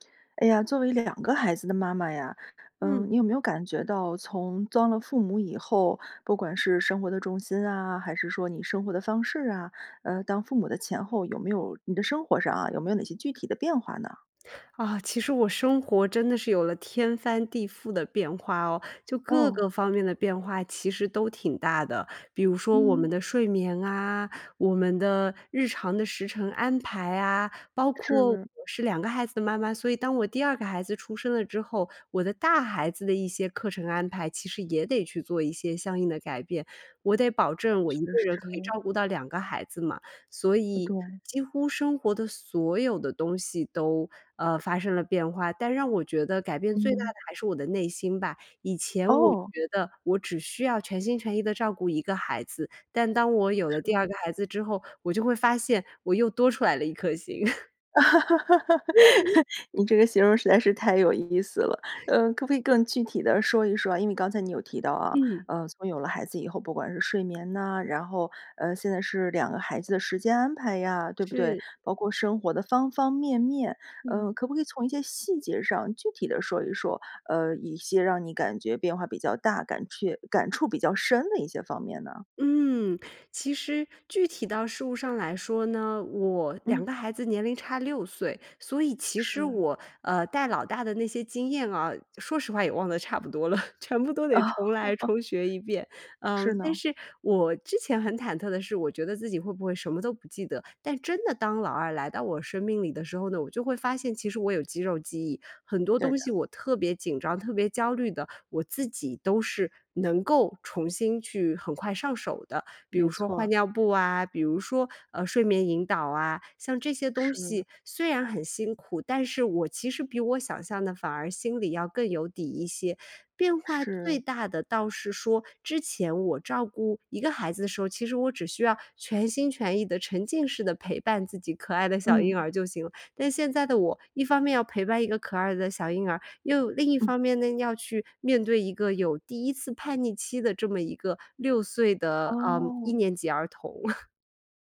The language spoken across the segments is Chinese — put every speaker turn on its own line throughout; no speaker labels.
哎呀，作为2个孩子的妈妈呀，
嗯。
嗯，你有没有感觉到从当了父母以后，不管是生活的重心啊，还是说你生活的方式啊，呃，当父母的前后，有没有-你的生活上啊-有没有哪些具体的变化呢？
啊，其实我生活真的是有了天翻地覆的变化哦。就各
哦。
个方面的变化其实都挺大的，比如说我们
嗯。
的睡眠啊，我们的日常的时程安排啊，包括我
是。
是2个孩子的妈妈，所以当我第2个孩子出生了之后，我的大孩子的一些课程安排，其实也得去做一些相应的改变。我得保证我
确
1个人可以
实。
照顾到2个孩子嘛，所
呃，
以
对。
几乎生活的所有的东西都，呃，发生了变化。但让我觉得改变最
嗯
大的
哼。
还是我的内心吧，以前我
哦。
觉得我只需要全心全意的照顾1个孩子，但当我有了第
是。
2孩子之后，我就会发现我又多出来了1颗心。
你这个形容实在是太有意思了。呃，可不可以更具体地说一说啊？因为刚才你有提到啊，
嗯。
呃，从有了孩子以后，不管是睡眠呐，然后，呃，现在是2个孩子的时间安排呀，对不对？
是。
包括生活的方方面面，
嗯。
呃，可不可以从一些细节上具体地说一说？呃，一些让你感觉变化比较大、感却感触比较深的一些方面呢？
嗯，其实具体到事物上来说呢，我两
嗯。
个孩子年龄差6岁，所以其实
是。
我，呃，带老大的那些经验啊，说实话也忘得差不多了，全部都得重来
哦。
重学一遍。
是
嗯，但
呢。
是我之前很忐忑的是，我觉得自己会不会什么都不记得，但真的当老2来到我生命里的时候呢，我就会发现其实我有肌肉记忆，很多
对
东
的。
西我特别紧张、特别焦虑的，我自己都是能够重新去很快上手的。比如
没
说
错
换
儿。
尿布啊，比如说，呃，睡眠引导啊，像这些东
是。
西虽然很辛苦，但是我其实比我想象的反而心里要更有底一些。变化最
是。
大的倒是说之前我照顾1个孩子的时候，其实我只需要全心全意地、沉浸式地陪伴自己可爱的小婴
嗯。
儿就行了。但现在的我一方面要陪伴一个可爱的小婴儿，又另一
嗯。
方面呢，要去面对一个有第1次叛逆期的这么一个6岁的，呃，一
哦。
年级儿童。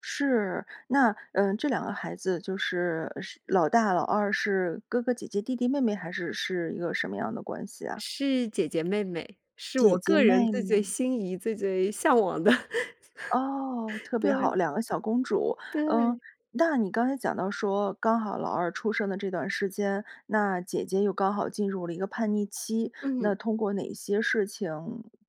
是，那，呃，这2个孩子就是是老大老二是哥哥姐姐弟弟妹妹还是是一个什么样的关系啊？
是姐姐妹妹，是
姐
我
姐
个人
妹
最最
妹。
心仪、最最向往的。
哦，特别
对。
好，2个小公主。嗯，
对。
那你刚才讲到说刚好老二出生的这段时间，那姐姐又刚好进入了一个叛逆期，
嗯。
那通过哪些事情，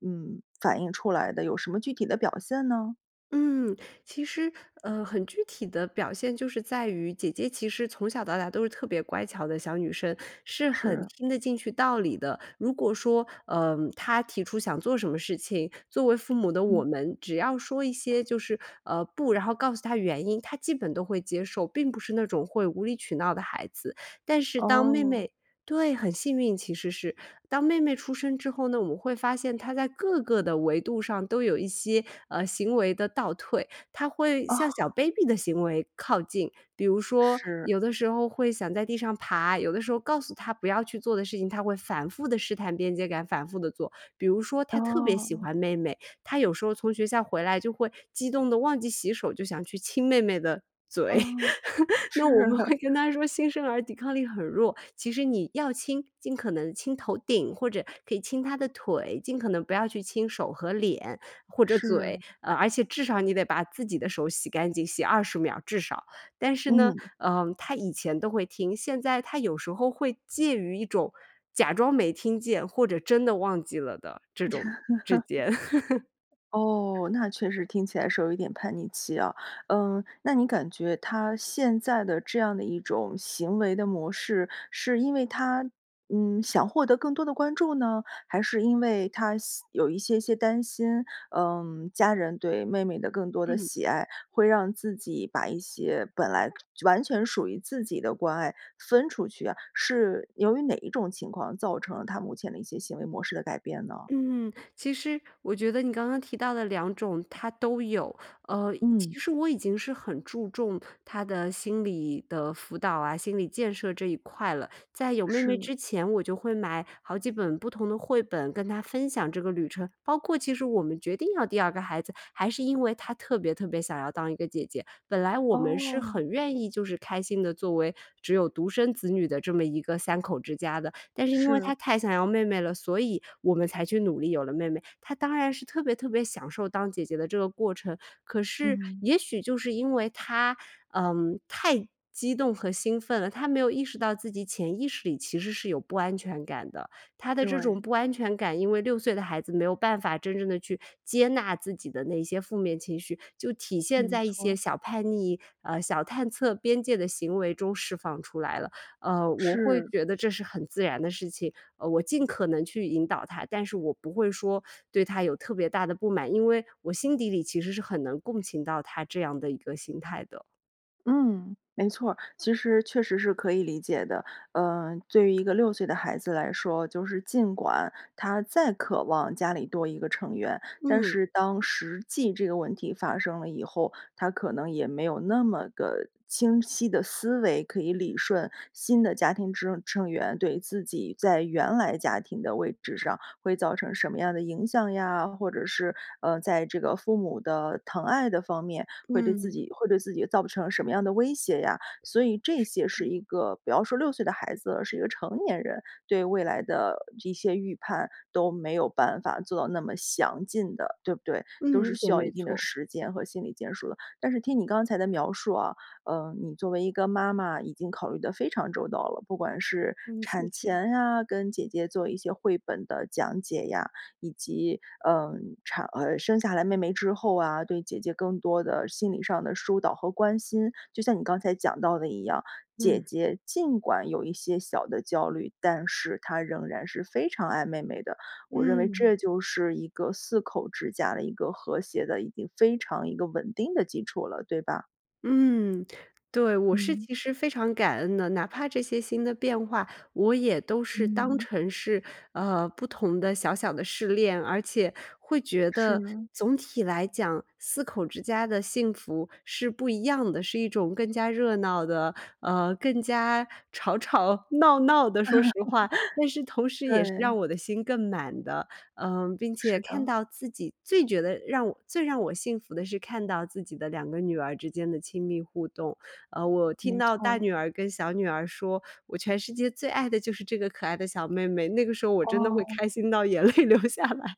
嗯，反映出来的？有什么具体的表现呢？
嗯，其实，呃，很具体的表现就是在于姐姐其实从小到大都是特别乖巧的小女生，是很
是。
听得进去道理的。如果说，呃，她提出想做什么事情，作为父母的我
嗯。
们只要说一些就是，呃，不，然后告诉她原因，她基本都会接受，并不是那种会无理取闹的孩子。但是当妹
哦。
妹对，很幸运其实是，当妹妹出生之后呢，我们会发现她在各个的维度上都有一些，呃，行为的倒退。她会向小
哦。
baby 的行为靠近，比如说
是。
有的时候会想在地上爬，有的时候告诉她不要去做的事情她会反复地试探边界感，反复地做。比如说她特别喜
哦。
欢妹妹，她有时候从学校回来就会激动地忘记洗手就想去亲妹妹的嘴。
哦，
那我们
是。
会跟她说新生儿抵抗力很弱，其实你要亲尽可能亲头顶，或者可以亲她的腿，尽可能不要去亲手和脸或者嘴。
是。
呃，而且至少你得把自己的手洗干净，洗20秒至少。但是呢，
嗯。
呃，她以前都会听，现在她有时候会介于一种假装没听见或者真的忘记了的这种之间。
哦，那确实听起来是有一点叛逆期啊。嗯，那你感觉她现在的这样的一种行为的模式，是因为她，嗯，想获得更多的关注呢，还是因为她些有一些些担心，嗯，家人对妹妹的更多的
嗯。
喜爱会让自己把一些本来完全属于自己的关爱分出去啊？是由于哪一种情况造成了她目前的一些行为模式的改变呢？
嗯，其实我觉得你刚刚提到的2种她都有。呃，
嗯。
其实我已经是很注重她的心理的辅导啊，心理建设这一块了。在有妹妹
是。
之前我就会买好几本不同的绘本跟她分享这个旅程，包括其实我们决定要第2个孩子，还是因为她特别特别想要当一个姐姐。本来我们是
哦。
很愿意就是开心地作为只有独生子女的这么一个3口之家的，但是因为
是。
她太想要妹妹了，所以我们才去努力有了妹妹。她当然是特别特别享受当姐姐的这个过程，可是
嗯。
也许就是因为她，嗯，太激动和兴奋了，她没有意识到自己潜意识里其实是有不安全感的。她的这种
对。
不安全感因为6岁的孩子没有办法真正地去接纳自己的那些负面情绪，就体现
没
在一些
错。
小叛逆，呃，小探测边界的行为中释放出来了。呃，我会
是。
觉得这是很自然的事情，呃，我尽可能去引导她。但是我不会说对她有特别大的不满，因为我心底里其实是很能共情到她这样的一个心态的。
嗯，没错儿，其实确实是可以理解的。呃，对于一个6岁的孩子来说，就是尽管她再渴望家里多1个成员，但
嗯。
是当实际这个问题发生了以后，她可能也没有那么的清晰的思维，可以理顺新的家庭之成员对自己在原来家庭的位置上会造成什么样的影响呀，或者是，呃，在这个父母的疼爱的方面会对自
嗯。
己会对自己造成什么样的威胁呀。所以这
是
些
的。
是一个比方说6岁的孩子，是一个成年人，对未来的一些预判都没有办法做到那么详尽的，对不对？都
嗯，
是
一
需
点
要
没
一定的
错。
时间和心理建设的。但是听你刚才的描述啊，呃，你作为一个妈妈已经考虑得非常周到了，不管是
嗯，谢
产
谢。
前啊，跟姐姐做一些绘本的讲解呀，以及，呃，产儿生下来妹妹之后啊，对姐姐更多的心理上的疏导和关心。就像你刚才讲到的一样，姐
嗯。
姐尽管有一些小的焦虑，但是她仍然是非常爱妹妹的。我认为
嗯。
这就是一个四口之家的一个和谐的已经非常一个稳定的基础了，对吧？
嗯，对，我是
嗯。
其实非常感恩的，哪怕这些新的变化，我也都是当
嗯。
成是，呃，不同的小小的试练，而且会觉
是
得
呢。
总体来讲，4口之家的幸福是不一样的。是一种更加热闹的，呃，更加吵吵闹闹的，说实话。但是同 时也是
对。
让我的心更满的，呃，并且
是
看
的。
到自己最觉得让我最让我幸福的是看到自己的2个女儿之间的亲密互动。呃，我听
没
到大
错。
女儿跟小女儿说：“我全世界最爱的就是这个可爱的小妹妹”，那个时候我真的会
哦。
开心到眼泪流下来。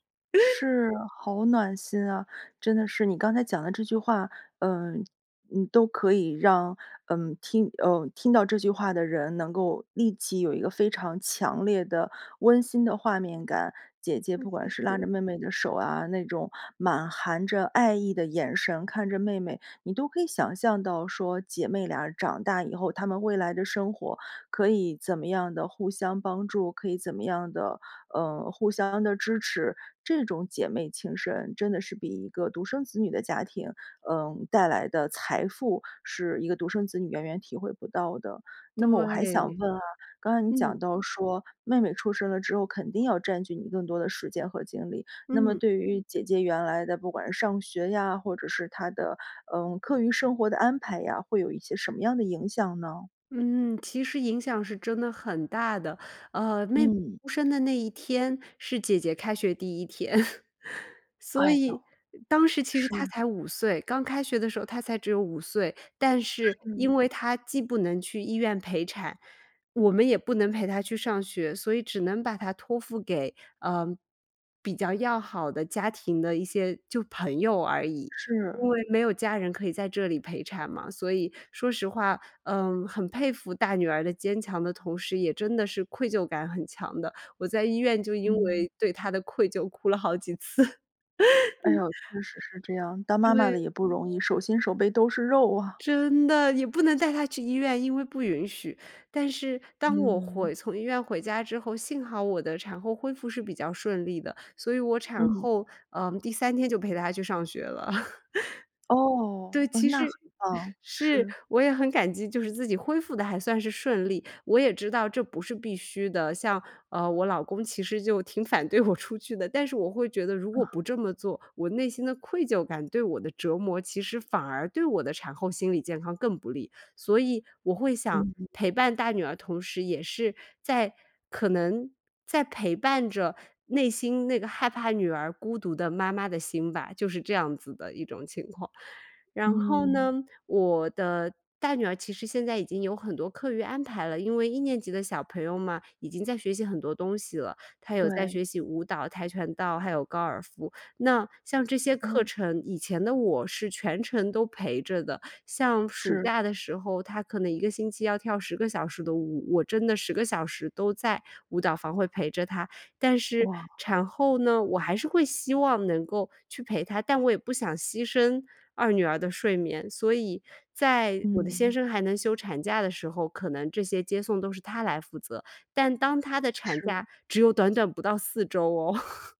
是，好暖心啊。真的是你刚才讲的这句话，嗯，你都可以让嗯听呃听到这句话的人能够立即有一个非常强烈的温馨的画面感。姐姐
嗯，
不
谢
管是拉着
谢。
妹妹的手啊，那种满含着爱意的眼神看着妹妹，你都可以想象到说姐妹俩长大以后，她们未来的生活可以怎么样地互相帮助，可以怎么样地，呃，互相地支持。这种姐妹情深真的是比1个独生子女的家庭，呃，带来的财富是1个独生子女远远体会不到的。那么我还想
对，
问啊，刚才你
嗯。
讲到说妹妹出生了之后，肯定要占据你更多的时间和精力。那么
嗯。
对于姐姐原来的不管是上学呀，或者是她的，嗯，课余生活的安排呀，会有一些什么样的影响呢？
嗯，其实影响是真的很大的。呃，妹妹
嗯。
出生的那一天是姐姐开学第1天。所
哎呦，
以当时其实她
是。
才5岁，刚开学的时候她才只有5岁，但是
是。
因为她既不能去医院陪产，我们也不能陪她去上学，所以只能把她托付给，呃，比较要好的家庭的一些就朋友而已。因
是。
为没有家人可以在这里陪产嘛，所以说实话，嗯，很佩服大女儿的坚强的同时，也真的是愧疚感很强的，我在医院就因
嗯。
为对她的愧疚哭了好几次。
哎哟，确实是这样。当妈妈的
对。
也不容易，手心手背都是肉啊。
真的，你不能带她去医院，因为不允许。但是当我
嗯。
回从医院回家之后，幸好我的产后恢复是比较顺利的，所以我产
嗯。
后，嗯，第3天就陪她去上学了。对，
哦，嗯，
其
那
实，
很棒，
是。
是。
我也很感激，就是自己恢复得还算是顺利，我也知道这不是必须的，像，呃，我老公其实就挺反对我出去的，但是我会觉得如果
啊。
不这么做，我内心的愧疚感对我的折磨，其实反而对我的产后心理健康更不利。所以我会想
嗯，嗯。
陪伴大女儿，同时也是在可能在陪伴着内心那个害怕女儿孤独的妈妈的心吧，就是这样子的一种情况。然后
嗯。
呢，我的大女儿其实现在已经有很多课余安排了，因为1年级的小朋友嘛，已经在学习很多东西了，她有在
对。
学习舞蹈，跆拳道，还有高尔夫。那像这些课
嗯。
程，以前的我是全程都陪着的，像暑
是。
假的时候，她可能1个星期要跳10个小时的舞。我真的10个小时都在舞蹈房会陪着她。但是
哇。
产后呢，我还是会希望能够去陪她，但我也不想牺牲2女儿的睡眠。所以在我的先
嗯。
生还能休产假的时候，可能这些接送都是他来负责，但当他的产
是。
假只有短短不到4周哦。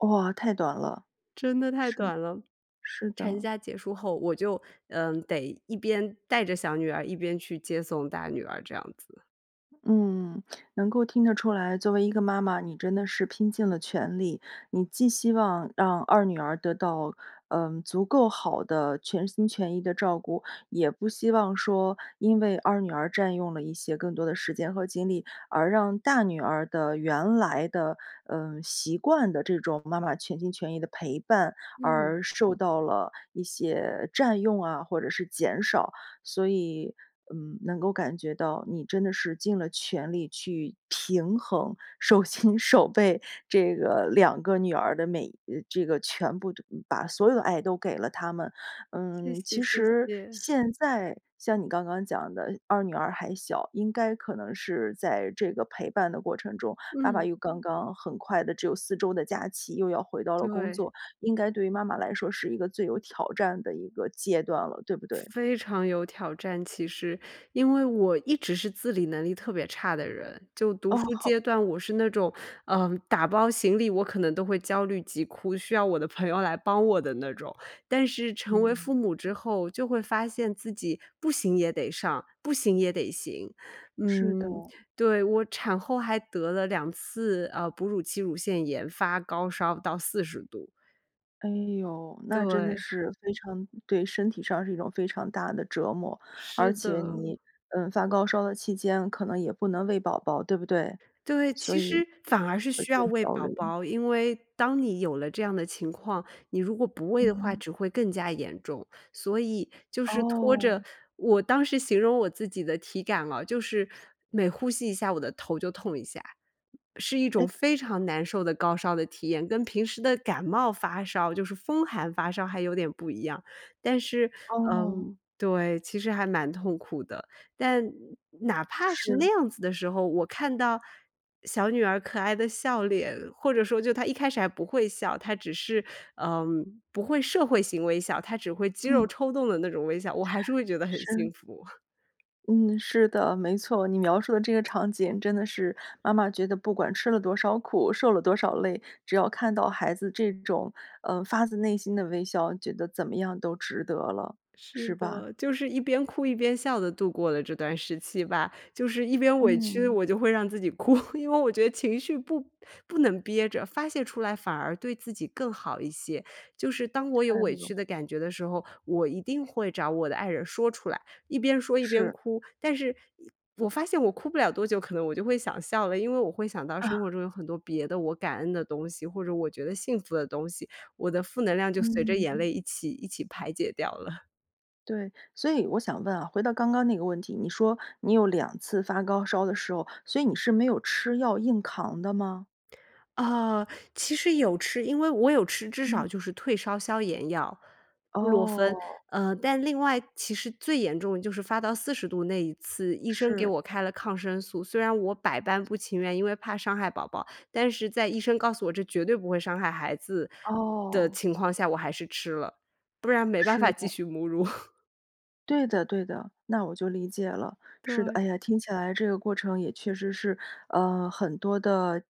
哇，太短了。
真的太
是，
短了。
是
产
的。
假结束后，我就，呃，得一边带着小女儿，一边去接送大女儿这样子。
嗯，能够听得出来，作为一个妈妈，你真的是拼尽了全力。你既希望让2女儿得到，呃，足够好的全心全意的照顾，也不希望说因为2女儿占用了一些更多的时间和精力，而让大女儿的原来的，呃，习惯的这种妈妈全心全意的陪伴
嗯。
而受到了一些占用啊，或者是减少。所以，嗯，能够感觉到你真的是尽了全力去平衡，手心手背，这个2个女儿的每，呃，这个全部这把所有的爱都给了她们。
谢
嗯，
谢，
其
谢
实
谢。
现在像你刚刚讲的2女儿还小，应该可能是在这个陪伴的过程中，爸爸
嗯。
又刚刚很快地只有4周的假期又要回到了工
对。
作，应该对于妈妈来说是一个最有挑战的一个阶段了，对不对？
非常有挑战其实，因为我一直是自理能力特别差的人，就读
哦，
书
好。
阶段我是那种，呃，打包行李，我可能都会焦虑急哭，需要我的朋友来帮我的那种。但是成为
嗯。
父母之后，就会发现自己不行也得上，不行也得行。
是
嗯，
的。
对，我产后还得了2次，呃，哺乳期乳腺炎，发高烧到40度。
哎呦，那真的
对。
是非常对身体上是一种非常大的折磨，
是
而且
的。
你，嗯，发高烧的期间可能也不能喂宝宝，对不对？
对，
所
其
以
实反而是
会
需
更
要喂
招
宝
人
宝。因为当你有了这样的情况，你如果不喂的话
嗯。
只会更加严重，所以就是拖着
哦。
我当时形容我自己的体感了，就是每呼吸一下我的头就痛一下。是一种
诶。
非常难受的高烧的体验，跟平时的感冒发烧就是风寒发烧还有点不一样。但是，
哦。
嗯，对，其实还蛮痛苦的。但哪怕是那
是。
样子的时候，我看到小女儿可爱的笑脸，或者说就她一开始还不会笑，她只是，嗯，不会社会型微笑，她只会肌
嗯。
肉抽动的那种微笑，我还是会觉得很
是。
幸福。
嗯，是的，没错。你描述的这个场景真的是妈妈觉得不管吃了多少苦、受了多少累，只要看到孩子这种，呃，发自内心的微笑，觉得怎么样都值得了，
是
是吧？
的，就是一边哭一边笑地度过了这段时期吧。就是一边委屈，
嗯。
我就会让自己哭，因为我觉得情绪不不能憋着，发泄出来反而对自己更好一些。就是当我有
太
委
不
屈
容
的感觉的时候，我一定会找我的爱人说出来，一边说一边
是。
哭。但是呃我发现我哭不了多久，可能我就会想笑了。因为我会想到生
啊。
活中有很多别的我感恩的东西，或者我觉得幸福的东西，我的负能量就随着眼
嗯。
泪一起一起排解掉了。
对，所以我想问啊，回到刚刚那个问题，你说你有2次发高烧的时候，所以你是没有吃药硬扛的吗？
啊，其实有吃，因为我有吃至少
嗯。
就是退烧消炎药，布洛芬。
哦。
呃，但另外其实最严重的就是发到40度那一次，医生给
是。
我开了抗生素，虽然我百般不情愿，因为怕伤害宝宝，但是在医生告诉我这绝对不会伤害孩子的
哦。
情况下我还是吃了，不然没办法
是
继
的。
续母乳。
对的，对的，那我就理解了。是的，
对。
哎呀，听起来这个过程也确实是，呃，很多的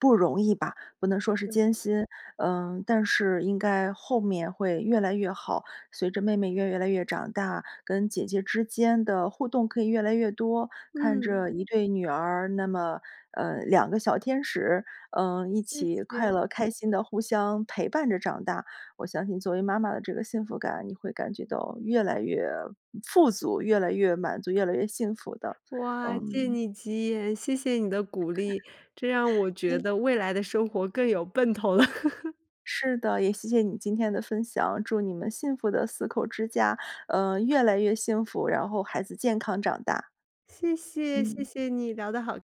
不容易吧，不能说是
对。
艰辛，呃，但是应该后面会越来越好，随着妹妹越越来越长大，跟姐姐之间的互动可以越来越多。看
嗯。
着一对女儿，那么呃，两个小天使，嗯，一
谢
起快
谢。
乐开心地互相陪伴着长大，我相信作为妈妈的这个幸福感，你会感觉到越来越富足，越来越满足，越来越幸福的。
哇，借
嗯。
你吉言，谢谢你的鼓励，这让我
所
觉
以
得未来的生活更有奔头了。
是的，也谢谢你今天的分享，祝你们幸福的四口之家，呃，越来越幸福，然后孩子健康长大。
谢谢，谢
嗯。
谢你，聊得好